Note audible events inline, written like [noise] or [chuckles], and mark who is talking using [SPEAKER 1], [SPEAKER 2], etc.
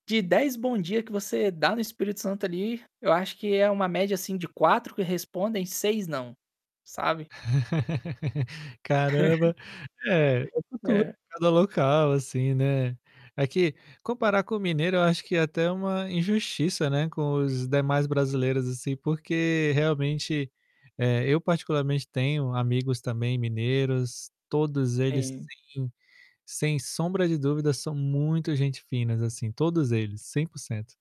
[SPEAKER 1] De 10 bom dia que você dá no Espírito Santo ali, eu acho que é uma média, assim, de 4 que respondem, 6 não, sabe?
[SPEAKER 2] [laughs] Caramba. É, é
[SPEAKER 1] [chuckles]
[SPEAKER 2] cultu
[SPEAKER 1] É.
[SPEAKER 2] cada local, assim, né. Aqui, comparar com o mineiro eu acho que é até uma injustiça, né, com os demais brasileiros, assim, porque, realmente, eh, eu, particularmente, tenho amigos também mineiros, todos eles
[SPEAKER 1] Sim.
[SPEAKER 2] sim, sem sombra de dúvida, são muito gente finas, assim, todos eles, 100%.